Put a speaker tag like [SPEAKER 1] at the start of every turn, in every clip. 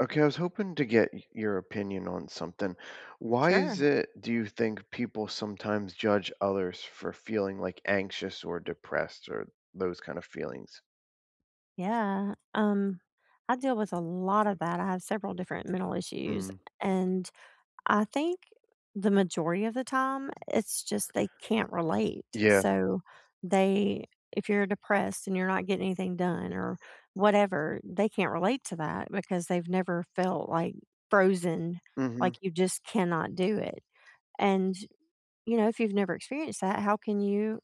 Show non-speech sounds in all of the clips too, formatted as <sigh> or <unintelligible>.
[SPEAKER 1] Okay, I was hoping to get y your opinion on something. Why is
[SPEAKER 2] Sure.
[SPEAKER 1] it, do you think, people sometimes judge others for feeling, like, anxious, or depressed, or those kind of feelings?
[SPEAKER 2] Yeah, um, I deal with a lot of that, I have several different mental issues,
[SPEAKER 1] Mhm.
[SPEAKER 2] and I think the majority of the time, it's just they can't relate,
[SPEAKER 1] Yeah.
[SPEAKER 2] so they if you're depressed and you're not getting anything done or whatever, they can't relate to that because they've never felt, like, frozen, like
[SPEAKER 1] Mhm.
[SPEAKER 2] you just cannot do it, and, you know, if you've never experienced that, how can you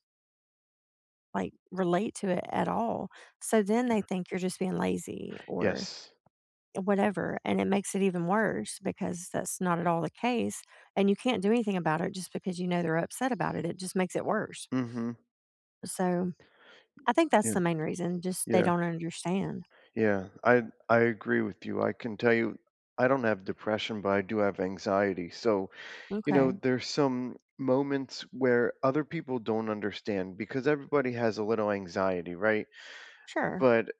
[SPEAKER 2] like, relate to it, at all? So, then they
[SPEAKER 1] Yeah.
[SPEAKER 2] think you're just being lazy or,
[SPEAKER 1] Yes.
[SPEAKER 2] eh, whatever, and it makes it even worse because that's not at all the case, and you can't do anything about it just because you know they're upset about it, it just makes it worse.
[SPEAKER 1] Mhm.
[SPEAKER 2] So, I think that's
[SPEAKER 1] Yeah,
[SPEAKER 2] the main reason, just they
[SPEAKER 1] yeah.
[SPEAKER 2] don't understand.
[SPEAKER 1] Yeah, I I agree with you, I can tell you I don't have depression, but I do have anxiety, so, you know,
[SPEAKER 2] Okay.
[SPEAKER 1] there's some moments where other people don't understand because everybody has a little anxiety, right?
[SPEAKER 2] Sure.
[SPEAKER 1] But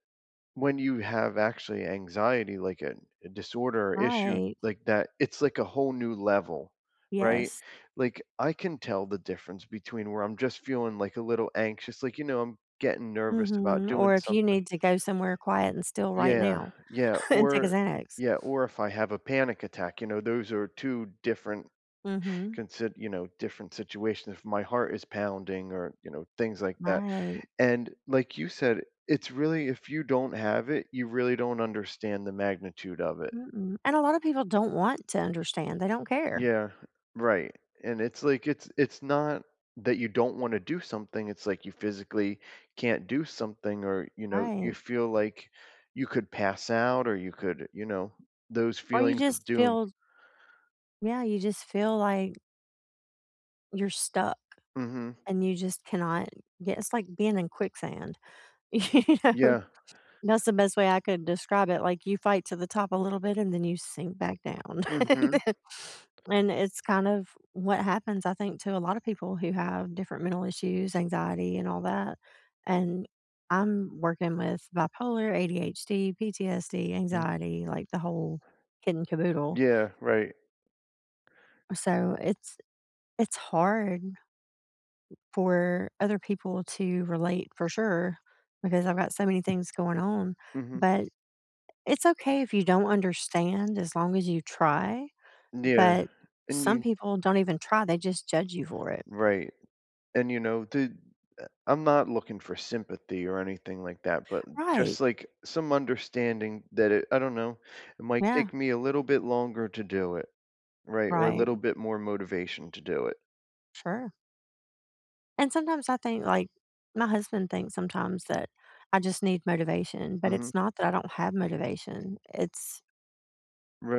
[SPEAKER 1] when you have actually anxiety, like, an a disorder or issue,
[SPEAKER 2] Right.
[SPEAKER 1] like, that, it's like a whole new level. Right?
[SPEAKER 2] Yes.
[SPEAKER 1] Like, I can tell the difference between where I'm just feeling, like, a little anxious, like, you know, I'm getting nervous about
[SPEAKER 2] Mhm,
[SPEAKER 1] doing
[SPEAKER 2] or if you
[SPEAKER 1] something
[SPEAKER 2] need to go somewhere quiet and still right
[SPEAKER 1] Yeah,
[SPEAKER 2] now.
[SPEAKER 1] yeah,
[SPEAKER 2] <chuckles> And take a
[SPEAKER 1] or
[SPEAKER 2] Xanax.
[SPEAKER 1] yeah, or if I have a panic attack, you know, those are 2 different
[SPEAKER 2] Mhm.
[SPEAKER 1] consid you know, different situations, if my heart is pounding or, you know, things like that,
[SPEAKER 2] Right.
[SPEAKER 1] and, like you said, it's really if you don't have it, you really don't understand the magnitude of it.
[SPEAKER 2] Mm-mm, and a lotta people don't want to understand, they don't care.
[SPEAKER 1] Yeah, right, and it's, like, it's it's not that you don't wanna do something, it's like you physically can't do something or, you know, you
[SPEAKER 2] Right.
[SPEAKER 1] feel like you could pass out or you could, you know those
[SPEAKER 2] Or, you
[SPEAKER 1] feelings
[SPEAKER 2] just
[SPEAKER 1] of doom.
[SPEAKER 2] feel Yeah, you just feel like you're stuck.
[SPEAKER 1] Mhm.
[SPEAKER 2] And you just cannot get it's like being in quicksand. You know?
[SPEAKER 1] Yeah.
[SPEAKER 2] That's the best way I could describe it, like, you fight to the top a little bit and then you sink back down,
[SPEAKER 1] Mhm.
[SPEAKER 2] <chuckles> and then and it's kind of what happens, I think, to a lotta people who have different mental issues anxiety, and all that, and I'm working with bipolar, ADHD, PTSD,
[SPEAKER 1] Mm.
[SPEAKER 2] anxiety, like, the whole kit and caboodle.
[SPEAKER 1] Yeah, right.
[SPEAKER 2] So it's it's hard. For other people to relate, for sure, because I've got so many things going on,
[SPEAKER 1] Mhm.
[SPEAKER 2] but it's okay if you don't understand as long as you try,
[SPEAKER 1] Yeah.
[SPEAKER 2] but
[SPEAKER 1] And
[SPEAKER 2] some
[SPEAKER 1] you
[SPEAKER 2] people don't even try, they just judge you for it.
[SPEAKER 1] Right, and, you know, the eh, I'm not looking for sympathy or anything like that, but
[SPEAKER 2] Right.
[SPEAKER 1] just, like, some understanding that it I don't know, it might
[SPEAKER 2] Yeah.
[SPEAKER 1] take me a little bit longer to do it. Right? Or, a
[SPEAKER 2] Right.
[SPEAKER 1] little bit more motivation to do it.
[SPEAKER 2] Sure. And sometimes I think like, my husband thinks sometimes that I just need motivation, but
[SPEAKER 1] Mhm.
[SPEAKER 2] it's not that I don't have motivation, it's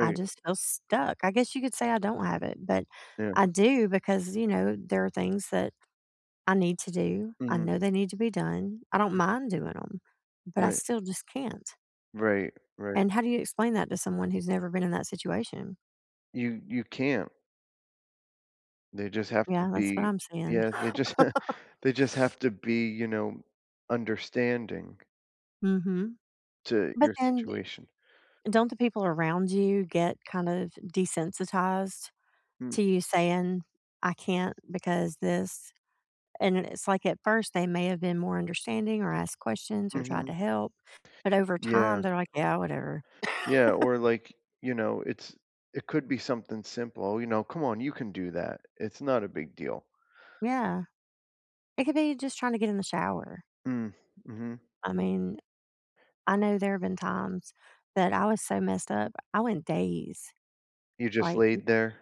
[SPEAKER 2] I just feel stuck, I guess you could say I don't have it, but
[SPEAKER 1] Yeah.
[SPEAKER 2] I do because, you know, there are things that I need to do, I
[SPEAKER 1] Mhm.
[SPEAKER 2] know they need to be done, I don't mind doing 'em, but I
[SPEAKER 1] Right.
[SPEAKER 2] still just can't.
[SPEAKER 1] Right, right.
[SPEAKER 2] And, how do you explain that to someone who's never been in that situation?
[SPEAKER 1] You you can't. They just have to
[SPEAKER 2] Yeah, that's what
[SPEAKER 1] be
[SPEAKER 2] I'm seeing.
[SPEAKER 1] Yeah, they just <chuckles>
[SPEAKER 2] <laughs>
[SPEAKER 1] they just have to be, you know, understanding
[SPEAKER 2] Mhm.
[SPEAKER 1] to
[SPEAKER 2] But
[SPEAKER 1] your
[SPEAKER 2] then, d
[SPEAKER 1] situation.
[SPEAKER 2] don't the people around you get kind of desensitized,
[SPEAKER 1] Mm.
[SPEAKER 2] to you saying, "I can't because 'this'"? And then it's, like, at first, they may have been more understanding, or asked questions, or tried to
[SPEAKER 1] Mhm.
[SPEAKER 2] help, but over time,
[SPEAKER 1] Yeah.
[SPEAKER 2] they're like, "Yeah, whatever."
[SPEAKER 1] Yeah, or,
[SPEAKER 2] <laughs>
[SPEAKER 1] like, you know, it's it could be something simple, you know? "Come on, you can do that, it's not a big deal."
[SPEAKER 2] Yeah. It could be just trying to get in the shower.
[SPEAKER 1] Mm, mhm.
[SPEAKER 2] I mean, I know there have been times that I was so messed up, I went days,
[SPEAKER 1] You just
[SPEAKER 2] like, m
[SPEAKER 1] laid there?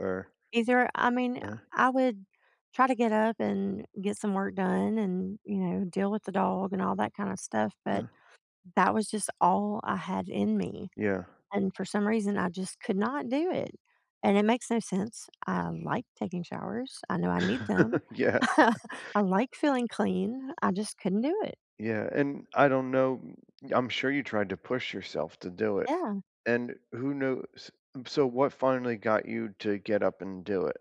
[SPEAKER 1] Or
[SPEAKER 2] Either I mean,
[SPEAKER 1] Uh.
[SPEAKER 2] I I would try to get up and get some work done and, you know, deal with the dog and all that kind of stuff, but
[SPEAKER 1] Uh.
[SPEAKER 2] that was just all I had in me,
[SPEAKER 1] Yeah.
[SPEAKER 2] and for some reason, I just could not do it, and it makes no sense. I like taking showers, I know I need them.
[SPEAKER 1] <laughs> Yeah.
[SPEAKER 2] <laughs>
[SPEAKER 1] <laughs>
[SPEAKER 2] I like feeling clean, I just couldn't do it.
[SPEAKER 1] Yeah, and, I don't know I'm sure you tried to push yourself to do it,
[SPEAKER 2] Yeah.
[SPEAKER 1] and who knows so, what finally got you to get up and do it?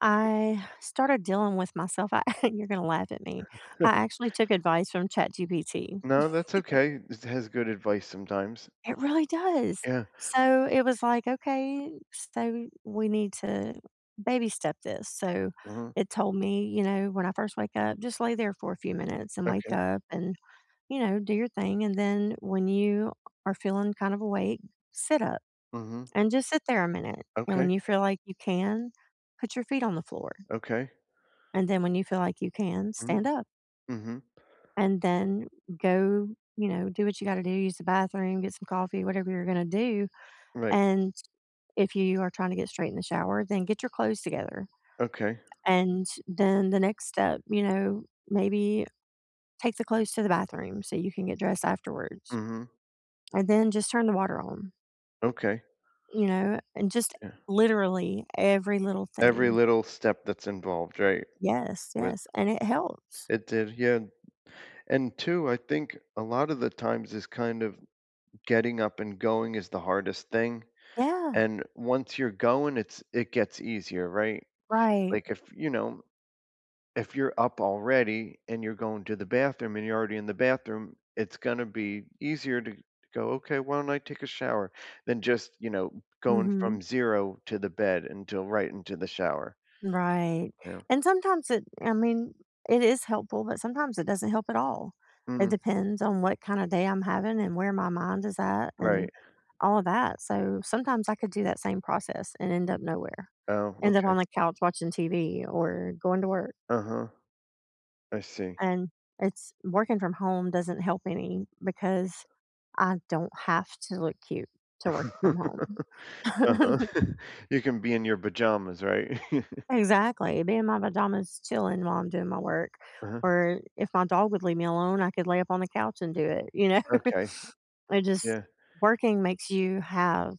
[SPEAKER 2] I started dealing with myself, I- <chuckles> you're gonna laugh at me- I
[SPEAKER 1] <chuckles>
[SPEAKER 2] actually took advice from ChatGPT.
[SPEAKER 1] No, that's
[SPEAKER 2] <chuckles>
[SPEAKER 1] okay. This has good advice sometimes.
[SPEAKER 2] It really does!
[SPEAKER 1] Yeah.
[SPEAKER 2] So, it was like, "Okay, so, we need to, baby-step this." So,
[SPEAKER 1] Mhm.
[SPEAKER 2] it told me, you know, when I first wake up, just lay there for a few minutes and wake
[SPEAKER 1] Okay.
[SPEAKER 2] up and, you know, do your thing, and then when you are feeling kind of awake, sit up,
[SPEAKER 1] Mhm.
[SPEAKER 2] and just sit there a minute, and when
[SPEAKER 1] Okay.
[SPEAKER 2] you feel like you can, put your feet on the floor
[SPEAKER 1] Okay.
[SPEAKER 2] and then, when you feel like you can,
[SPEAKER 1] Mhm.
[SPEAKER 2] stand up
[SPEAKER 1] Mhm.
[SPEAKER 2] and then, go you know, do what you gotta do, use the bathroom, get some coffee, whatever you're gonna do,
[SPEAKER 1] Right.
[SPEAKER 2] and, if you are trying to get straight in the shower, then get your clothes together.
[SPEAKER 1] Okay.
[SPEAKER 2] And then, the next step, you know, maybe, take the clothes to the bathroom so you can get dressed afterwards.
[SPEAKER 1] Mhm.
[SPEAKER 2] And then, just turn the water on
[SPEAKER 1] Okay.
[SPEAKER 2] you know. and just,
[SPEAKER 1] Yeah.
[SPEAKER 2] literally, every little
[SPEAKER 1] Every
[SPEAKER 2] thing.
[SPEAKER 1] little step that's involved, right?
[SPEAKER 2] Yes,
[SPEAKER 1] With
[SPEAKER 2] yes, and it helps.
[SPEAKER 1] it did, yeah. And 2, I think a lotta the times is kind of getting up and going is the hardest thing,
[SPEAKER 2] Yeah.
[SPEAKER 1] and once you're going, it's it gets easier, right?
[SPEAKER 2] Right.
[SPEAKER 1] Like, if you know, if you're up already and you're going to the bathroom and you're already in the bathroom, it's gonna be easier to to go, "Okay, why don't I take a shower?" Than just, you know, going
[SPEAKER 2] Mhm.
[SPEAKER 1] from zero to the bed, until right into the shower.
[SPEAKER 2] Right,
[SPEAKER 1] Yeah.
[SPEAKER 2] and sometimes it I mean, it is helpful, but sometimes it doesn't help at all. It
[SPEAKER 1] Mhm.
[SPEAKER 2] depends on what kind of day I'm having and where my mind is at and,
[SPEAKER 1] Right.
[SPEAKER 2] all of that, so sometimes I could do that same process and end up nowhere.
[SPEAKER 1] Oh,
[SPEAKER 2] End up
[SPEAKER 1] okay.
[SPEAKER 2] on the couch watching TV or going to work
[SPEAKER 1] Uh-huh. I see.
[SPEAKER 2] and it's working from home doesn't help any because I don't have to look cute to work from home.
[SPEAKER 1] <laughs> Uh-huh.
[SPEAKER 2] <chuckles>
[SPEAKER 1] <chuckles> You can be in your pajamas, right? <laughs>
[SPEAKER 2] Exactly, me and my pajamas chilling while I'm doing my work
[SPEAKER 1] Uh-huh.
[SPEAKER 2] or if my dog would leave me alone, I could lay up on the couch and do it, you know?
[SPEAKER 1] Okay.
[SPEAKER 2] <chuckles> It just
[SPEAKER 1] Yeah.
[SPEAKER 2] working makes you have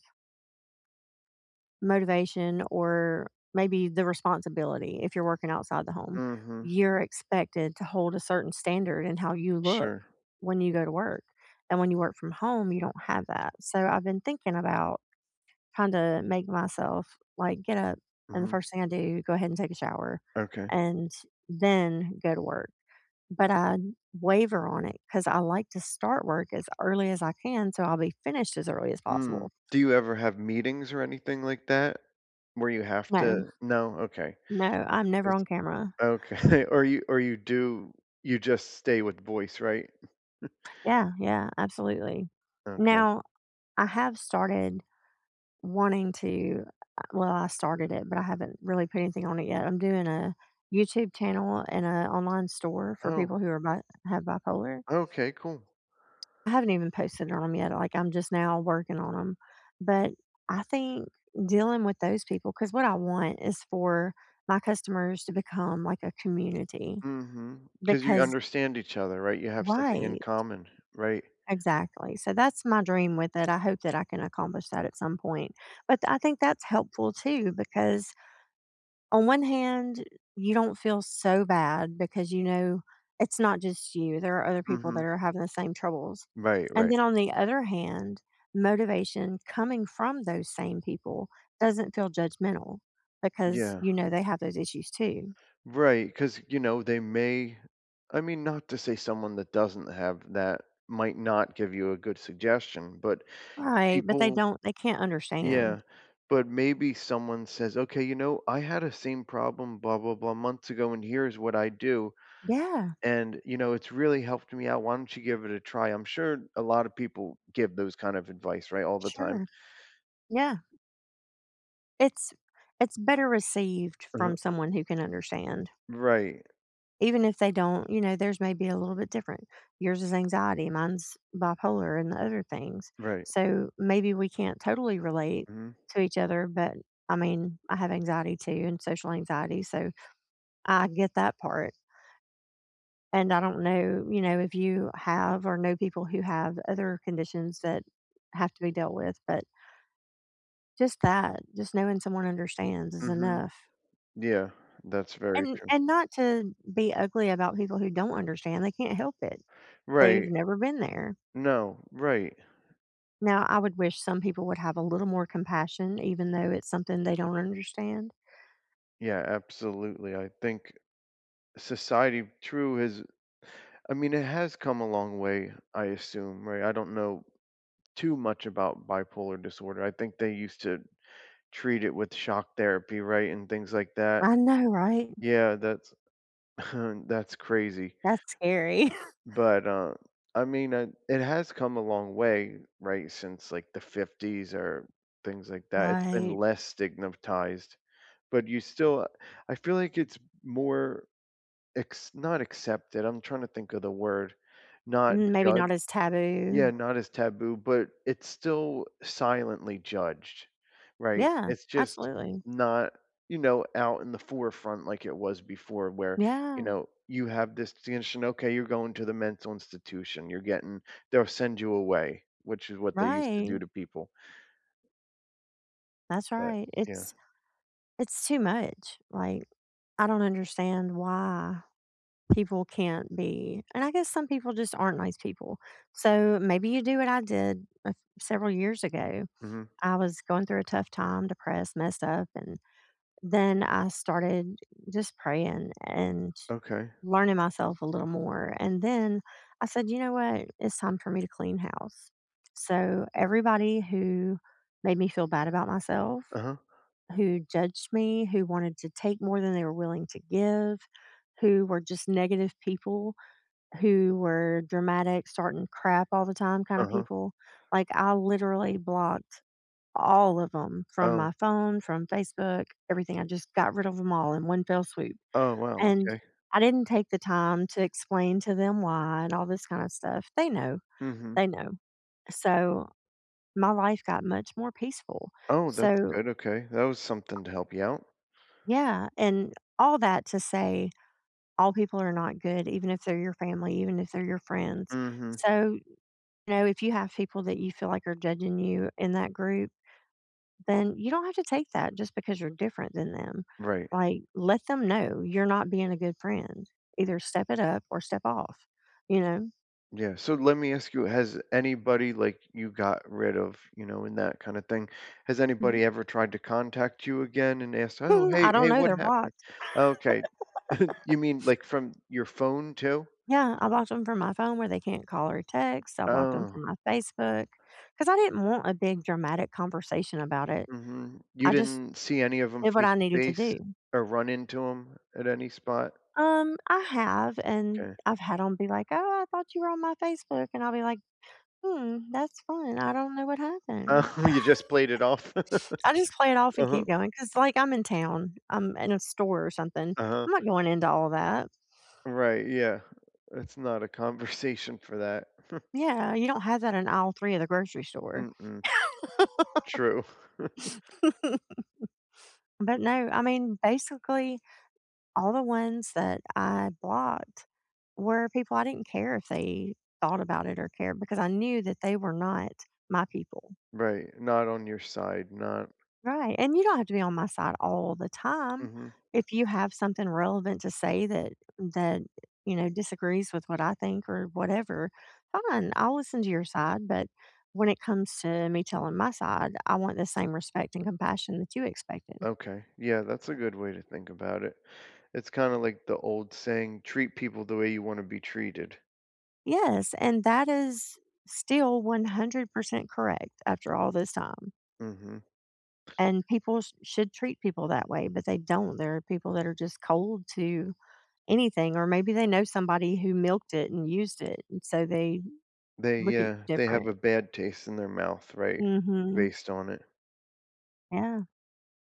[SPEAKER 2] motivation or, maybe the responsibility, if you're working outside the home,
[SPEAKER 1] Mhm.
[SPEAKER 2] you're expected to hold a certain standard in how you look,
[SPEAKER 1] Sure.
[SPEAKER 2] when you go to work, and when you work from home, you don't have that, so I've been thinking about kinda make myself, like, get up, and the
[SPEAKER 1] Mhm.
[SPEAKER 2] first thing I do, go ahead and take a shower
[SPEAKER 1] Okay.
[SPEAKER 2] and then go to work, but I waiver on it 'cause I like to start work as early as I can, so I'll be finished as early as
[SPEAKER 1] Mm,
[SPEAKER 2] possible.
[SPEAKER 1] do you ever have meetings or anything like that? Where you have
[SPEAKER 2] No.
[SPEAKER 1] to No? Okay.
[SPEAKER 2] No, I'm never
[SPEAKER 1] Is
[SPEAKER 2] on camera.
[SPEAKER 1] Okay, or you or you do you just stay with voice, right? <chuckles>
[SPEAKER 2] Yeah, yeah, absolutely.
[SPEAKER 1] Okay.
[SPEAKER 2] Now, I have started wanting to, uh well, I started it, but I haven't really put anything on it yet, I'm doing a YouTube channel and a online store for
[SPEAKER 1] Oh
[SPEAKER 2] people who are bi have bipolar.
[SPEAKER 1] Oh, okay, cool.
[SPEAKER 2] I haven't even posted on 'em yet. Like, I'm just now working on 'em, but I think dealing with those people 'cause what I want is for my customers to become like a community
[SPEAKER 1] Mhm, 'cause you
[SPEAKER 2] because
[SPEAKER 1] understand each other, right? You have something in
[SPEAKER 2] Right.
[SPEAKER 1] common, right?
[SPEAKER 2] Exactly, so that's my dream with it, I hope that I can accomplish that at some point, but th I think that's helpful too because, on one hand, you don't feel so bad because you know it's not just you, there are other people
[SPEAKER 1] Mhm.
[SPEAKER 2] that are having the same troubles.
[SPEAKER 1] Right,
[SPEAKER 2] And
[SPEAKER 1] right.
[SPEAKER 2] then on the other hand, motivation coming from those same people doesn't feel judgmental, because
[SPEAKER 1] Yeah.
[SPEAKER 2] you know they have those issues too.
[SPEAKER 1] Right, 'cause, you know, they may I mean, not to say someone that doesn't have that might not give you a good suggestion, but
[SPEAKER 2] Right, but they
[SPEAKER 1] people
[SPEAKER 2] don't they can't understand.
[SPEAKER 1] Yeah, but maybe someone says, "Okay, you know, I had a same problem 'blah blah blah' months ago, and here's what I'd do,
[SPEAKER 2] Yeah!
[SPEAKER 1] and, you know, it's really helped me out, why don't you give it a try?" I'm sure a lot of people give those kind of advice, right? All the time.
[SPEAKER 2] Sure. Yeah. It's it's better received
[SPEAKER 1] Uh-huh.
[SPEAKER 2] from someone who can understand.
[SPEAKER 1] Right.
[SPEAKER 2] Even if they don't, you know, theirs may be a little bit different. Yours is anxiety, mine's bipolar, and other things,
[SPEAKER 1] Right.
[SPEAKER 2] so maybe we can't totally relate
[SPEAKER 1] Mhm.
[SPEAKER 2] to each other, but I mean, I have anxiety too and social anxiety, so I get that part. And I don't know, you know, if you have or know people who have other conditions that have to be dealt with, but just that, just knowing someone understands is
[SPEAKER 1] Mhm.
[SPEAKER 2] enough.
[SPEAKER 1] Yeah, that's very
[SPEAKER 2] And
[SPEAKER 1] true.
[SPEAKER 2] and not to be ugly about people who don't understand, they can't help it. They've
[SPEAKER 1] Right.
[SPEAKER 2] never been there.
[SPEAKER 1] No, right.
[SPEAKER 2] Now I would wish some people would have a little more compassion, even though it's something they don't understand.
[SPEAKER 1] Yeah, absolutely, I think society true is I mean, it has come a long way, I assume, right? I don't know too much about bipolar disorder, I think they used to treat it with shock therapy, right, and things like that.
[SPEAKER 2] I know, right?
[SPEAKER 1] Yeah, that's <chuckles> that's crazy.
[SPEAKER 2] That's scary. <chuckles>
[SPEAKER 1] But, um, I mean, it it has come a long way, right, since, like, the '50s or things like that, it's been
[SPEAKER 2] Right.
[SPEAKER 1] less stigmatized, but you still I feel like it's more acc not accepted, I'm trying to think of the word. Not
[SPEAKER 2] Mm, maybe
[SPEAKER 1] judged?
[SPEAKER 2] not as taboo.
[SPEAKER 1] Yeah, not as taboo, but it's still silently judged. Right?
[SPEAKER 2] Yeah,
[SPEAKER 1] It's just
[SPEAKER 2] absolutely.
[SPEAKER 1] not, you know, out in the forefront like it was before, where, you
[SPEAKER 2] Yeah.
[SPEAKER 1] know, you have this, <unintelligible> "okay, you're going to the mental institution, you're getting" They'll send you away, which is what they used to do
[SPEAKER 2] Right.
[SPEAKER 1] to people.
[SPEAKER 2] That's
[SPEAKER 1] But,
[SPEAKER 2] right,
[SPEAKER 1] yeah.
[SPEAKER 2] it's it's too much, like, I don't understand why people can't be and I guess some people just aren't nice people. So, maybe you do what I did several years ago,
[SPEAKER 1] Mhm.
[SPEAKER 2] I was going through a tough time, depressed, messed up, and then I started just praying and
[SPEAKER 1] Okay.
[SPEAKER 2] learning myself a little more and then, I said, "You know what? It's time for me to clean house." So, everybody who made me feel bad about myself,
[SPEAKER 1] Uh-huh.
[SPEAKER 2] who judged me, who wanted to take more than they were willing to give, who were just negative people, who were dramatic, starting crap all the time kind of
[SPEAKER 1] Uh-huh.
[SPEAKER 2] people, like, I literally blocked all of 'em from
[SPEAKER 1] Oh.
[SPEAKER 2] my phone, from Facebook, everything. I just got rid of ‘em all in one fell swoop.
[SPEAKER 1] Oh, wow,
[SPEAKER 2] And,
[SPEAKER 1] okay.
[SPEAKER 2] I didn't take the time to explain to them why and all this kind of stuff. They know,
[SPEAKER 1] Mhm.
[SPEAKER 2] they know. So, my life got much more peaceful.
[SPEAKER 1] Oh, that's
[SPEAKER 2] So
[SPEAKER 1] good, okay. That was something to help you out.
[SPEAKER 2] Yeah, and all that to say all people are not good, even if they're your family, even if they're your friends,
[SPEAKER 1] Mhm.
[SPEAKER 2] so, you know, if you have people that you feel like are judging you in that group, then you don't have to take that just because you're different than them,
[SPEAKER 1] Right.
[SPEAKER 2] like, let them know, "You're not being a good friend. Either step it up or step off," you know?
[SPEAKER 1] Yeah, so let me ask you, has anybody, like, you got rid of, you know, in that kind of thing, has
[SPEAKER 2] Mhm.
[SPEAKER 1] anybody ever tried to contact you again and ask, "Oh,
[SPEAKER 2] Hmm, I
[SPEAKER 1] hey,
[SPEAKER 2] don't
[SPEAKER 1] hey,
[SPEAKER 2] know,
[SPEAKER 1] what
[SPEAKER 2] they're
[SPEAKER 1] happened?"
[SPEAKER 2] blocked.
[SPEAKER 1] Okay. <chuckles>
[SPEAKER 2] <laughs>
[SPEAKER 1] You mean, like, from your phone too?
[SPEAKER 2] Yeah, I blocked ‘em from my phone where they can't call or text, I blocked ‘em
[SPEAKER 1] Oh.
[SPEAKER 2] from my Facebook. 'Cause I didn't want a big dramatic conversation about it.
[SPEAKER 1] Mhm, you
[SPEAKER 2] I just
[SPEAKER 1] didn't see any of 'em
[SPEAKER 2] did what I needed to
[SPEAKER 1] face-to-face
[SPEAKER 2] do.
[SPEAKER 1] or run into 'em at any spot?
[SPEAKER 2] Um, I have, and
[SPEAKER 1] 'Kay.
[SPEAKER 2] I've had 'em be like, "Oh, I thought you were on my Facebook," and I'll be like, "Hmm, that's fun. I don't know what happened."
[SPEAKER 1] Oh, you just played it off? <laughs>
[SPEAKER 2] <laughs> I just play it off and
[SPEAKER 1] Uh-huh.
[SPEAKER 2] keep going 'cause, like, I'm in town, I'm in a store or something,
[SPEAKER 1] Uh-huh.
[SPEAKER 2] I'm not going into all that.
[SPEAKER 1] Right, yeah. It's not a conversation for that. <chuckles>
[SPEAKER 2] Yeah, you don't have that in Aisle 3 of the grocery store.
[SPEAKER 1] Mm-mm.
[SPEAKER 2] <laughs>
[SPEAKER 1] True. <chuckles>
[SPEAKER 2] <laughs> But, no, I mean, basically, all the ones that I blocked were people I didn't care if they thought about it or cared because I knew that they were not my people.
[SPEAKER 1] Right, not on your side, not
[SPEAKER 2] Right, and you don't have to be on my side all the time,
[SPEAKER 1] Mhm.
[SPEAKER 2] if you have something relevant to say that that, you know, disagrees with what I think or whatever, fine, I'll listen to your side, but when it comes to me telling my side, I want the same respect and compassion that you expected.
[SPEAKER 1] Okay, yeah, that's a good way to think about it. It's kinda like the old saying- "Treat people the way you wanna be treated."
[SPEAKER 2] Yes. And that is still 100% correct after all this time.
[SPEAKER 1] Mhm.
[SPEAKER 2] And people sh should treat people that way, but they don't, there are people that are just cold to anything, or maybe they know somebody who milked it and used it, and so they
[SPEAKER 1] They,
[SPEAKER 2] look at y
[SPEAKER 1] uh, they have
[SPEAKER 2] different.
[SPEAKER 1] a bad taste in their mouth, right,
[SPEAKER 2] Mhm.
[SPEAKER 1] based on it.
[SPEAKER 2] Yeah.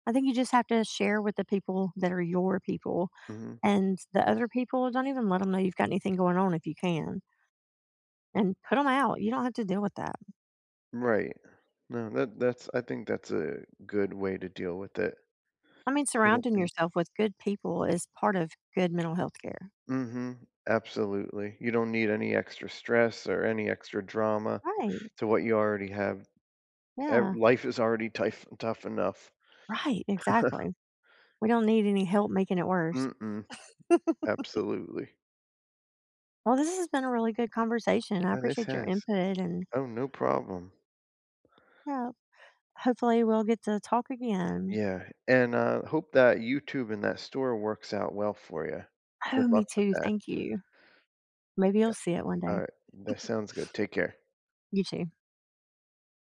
[SPEAKER 2] I think you just have to share with the people that are your people.
[SPEAKER 1] Mhm.
[SPEAKER 2] And the other people, don't even let 'em know you've got anything going on if you can. An put 'em out, you don't have to deal with that.
[SPEAKER 1] Right. No, that that's I think that's a good way to deal with it.
[SPEAKER 2] I mean,
[SPEAKER 1] What up
[SPEAKER 2] surrounding
[SPEAKER 1] then?
[SPEAKER 2] yourself with good people is part of good mental health care.
[SPEAKER 1] Mhm, absolutely, you don't need any extra stress or any extra drama
[SPEAKER 2] Right.
[SPEAKER 1] to what you already have. Ev
[SPEAKER 2] Yeah.
[SPEAKER 1] life is already tife tough enough.
[SPEAKER 2] Right,
[SPEAKER 1] <chuckles>
[SPEAKER 2] exactly. We don't need any help making it worse.
[SPEAKER 1] Mm-mm.
[SPEAKER 2] <chuckles>
[SPEAKER 1] Absolutely.
[SPEAKER 2] Well, this has been a really good conversation. I
[SPEAKER 1] Oh, this
[SPEAKER 2] appreciate your
[SPEAKER 1] has.
[SPEAKER 2] input, and
[SPEAKER 1] Oh, no problem.
[SPEAKER 2] Yeah, hopefully, we'll get to talk again.
[SPEAKER 1] Yeah, and, uh, hope that YouTube and that store works out well for ya.
[SPEAKER 2] Oh,
[SPEAKER 1] Good
[SPEAKER 2] me
[SPEAKER 1] luck with
[SPEAKER 2] too,
[SPEAKER 1] that.
[SPEAKER 2] thank you. Maybe you'll
[SPEAKER 1] Yeah.
[SPEAKER 2] see it one day.
[SPEAKER 1] Alright. That
[SPEAKER 2] <chuckles>
[SPEAKER 1] sounds good. Take care.
[SPEAKER 2] You too.